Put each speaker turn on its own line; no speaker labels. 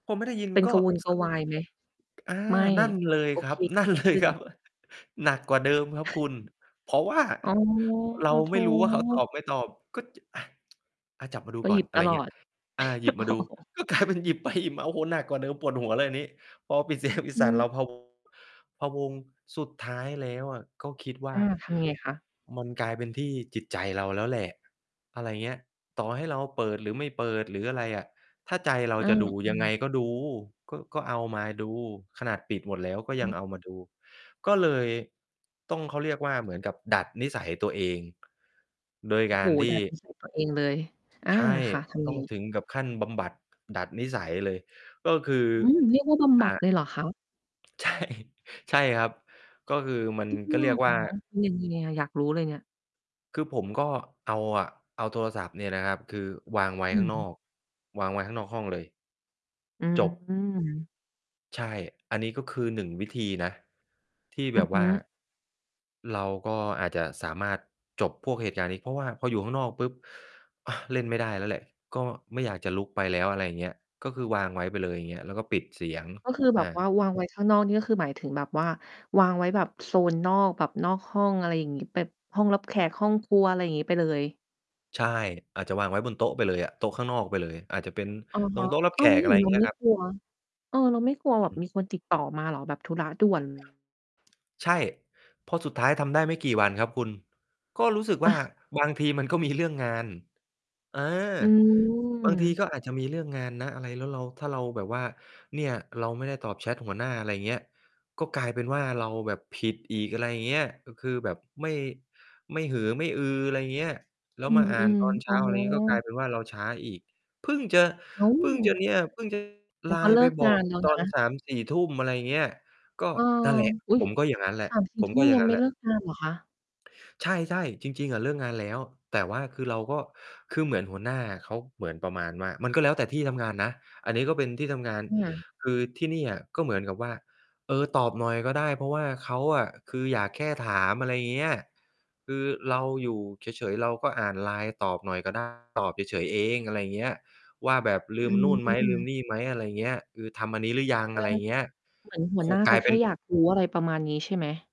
พอไม่ได้ยิน
เป็น
ก
ก
็
ระวนก
ส
ระวายไหม?
อา
ไม่
นั่นเลย
โอ
คร
เค
ับ นั่น เล
ข
ย
ึ้
ครั
น
บ หนักกว่าเดิมครับคุณ เพราะว่า
อ๋อ
เรา
โถ
ไม่รู้ว่าเขาตอบไม่ตอบ ก็ จ อา อา จับมาดู
ก็
ก
ห
่
ย
อ
ิ
น
บ
อะไ
ต
ร
ล
เงี
อ
้ย
ด
อา หยิบ
โ
มา
อ
ดู
้
ก็ กลายเป็นหยิบไปหยิบมา โอ้โฮ หนักกว่าเดิม ปวดหัวเลยอันนี้ พอปิด เสียง ปิด
อื
สายเรา
ม
พะ วง พะวง สุดท้ายแล้วอะ ก็คิดว่
อ
า
า ทำยังไงคะ?
มันกลายเป็นที่จิตใจเราแล้วแหละ อะไรอย่างเงี้ย ต่อให้เราเปิด หรือไม่เปิด หรืออะไรอะ ถ้าใจเรา
อา
จะดู
อื
ยังไง
ม
ก็ดู ก็ ก็เอามาดู ขนาดปิดหมดแล้ว ก็
อ
ยัง
ืม
เอามาดู ก็เลยต้อง เขาเรียกว่า เหมือนกับดัดนิสัยตัวเอง โดย
โอ้
กา
โฮ
รท
ด
ี
ั
่
ด นิสัยตัว เองเลย อา
ใช่
ค่ะ ทำ
ต
ไง?
้องถึงกับขั้นบำบัด ดัดนิสัยเลย ก็คือ
อืม เรียกว่าบำ
อ
บ
่
ัด
า
เลยเหรอคะ?
ใช่ ใช่ครับ ก็คือมัน
จริง
ก็
เ
เรียกว่า
หรอ เป็นยังไงอะ? อยากรู้เลยเนี่ย
คือผมก็เอาอะ เอาโทรศัพท์เนี่ยนะครับ คือ วางไว้
อ
ข้างน
ืม
อก วางไว้ข้างนอกห้องเลย
อื
จบ
ม
ใช่ อันนี้ก็คือ 1 วิธีนะ ที่
อ
แ
ื
บ
อ
บ
ฮ
ว
ึ
่า เราก็อาจจะสามารถจบพวกเหตุการณ์นี้ เพราะว่าพออยู่ข้างนอกปุ๊บ อา เล่นไม่ได้แล้วแหละ ก็ไม่อยากจะลุกไปแล้ว อะไรอย่างเงี้ย ก็คือวางไว้ไปเลย อย่างเงี้ย แล้วก็ปิดเสียง
ก็คือแบ
อ
บ
า
ว่าวางไว้ ข้างนอกนี่ ก็คือหมายถึงแบบว่าวางไว้แบบโซนนอก แบบนอกห้อง อะไรอย่างงี้ แบบห้องรับแขก ห้องครัว อะไรอย่างงี้ ไปเลย
ใช่ อาจจะวางไว้บนโต๊ะไปเลยอะ โต๊ะข้างนอกไปเลย อาจจะเป็น
อะ
ต
ฮ
รง
ะ
โต๊ะรับ
อ
แ
้
ข
าว แล้ว
ก
อย
อ
่
ะ
า
ไ
ง
ร
ง
อ
ี
ย
้
่า
เ
ง
ร
เ
า
งี้
ไ
ย
ม่
ครับ
กลัว เออ เราไม่กลัวแบ
อ
บ
ืม
มีคนติดต่อมาเหรอ? แบบธุระ ด่วน
ใช่ พอสุดท้ายทำได้ไม่กี่วันครับคุณ ก็รู้สึกว่า บางทีมัน ก็มีเรื่อง งาน อา
อื
บางที
ม
ก็อาจจะมีเรื่องงานนะ อะไร แล้วเรา ถ้าเราแบบว่าเนี่ย เราไม่ได้ตอบแชตหัวหน้า อะไรอย่างเงี้ย ก็กลายเป็นว่า เราแบบผิดอีก อะไรอย่างเงี้ย ก็คือแบบ ไม่ ไม่หือไม่อือ อะไรอย่างเงี้ย แล้ว
อื
มาอ่าน
ม
ตอนเ
ๆ
ช
อ๋
้
อ
า อะไรอย่างงี้ ก็กลายเป็นว่าเราช้าอีก เพิ่งจะ
อ้า
เพึ่งจะ
ว
เนี่ย เพิ่ง จะ
มันก็
LINE
เล
ไป
ิก
บอ
งา
ก
นแล้ว
ตอ
น
น
ะ
3-4 ทุ่ม อะไรอย่างเงี้ย ก็
เออ
นั่นแหละ
อุ๊
ผ
ย
มก็อย่างงั้นแหละ
สามสี
ผ
่
ม
ทุ
ก
่
็
ม
อย่า
ย
ง
ั
ง
ง
ั้
ไ
น
ม่
แหล
เ
ะ
ลิกงานเหรอคะ?
ใช่ ๆ จริง ๆ อะเลิกงานแล้ว แต่ว่าคือเราก็ คือเหมือนหัวหน้าเขาเหมือนประมาณว่า มันก็แล้วแต่ที่ทำงานนะ อันนี้ก็เป็นที่ทำงาน
อืม
คือที่นี่อะ ก็เหมือนกับว่า เออ ตอบหน่อยก็ได้ เพราะว่าเขาอะ คืออยากแค่ถาม อะไรอย่างเงี้ย คือเราอยู่เฉย ๆ เราก็อ่านไลน์ตอบหน่อยก็ ได้ ตอบเฉย ๆ เอง อะไรอย่างเงี้ย ว่าแบบลื
อื
มนู่นไหม ลื
อ
มนี่ไหม อะไรอย่างเงี้ย คือทำอันนี้หรือยัง อะไรเงี้ย
เหมือนหั
ค
วห
ู
น้า
ก
เ
ล
ข
า
า
ย
แ
เ
ค
ป็น
่อยาก รู้ อะไรประมาณนี้ใช่ไหม?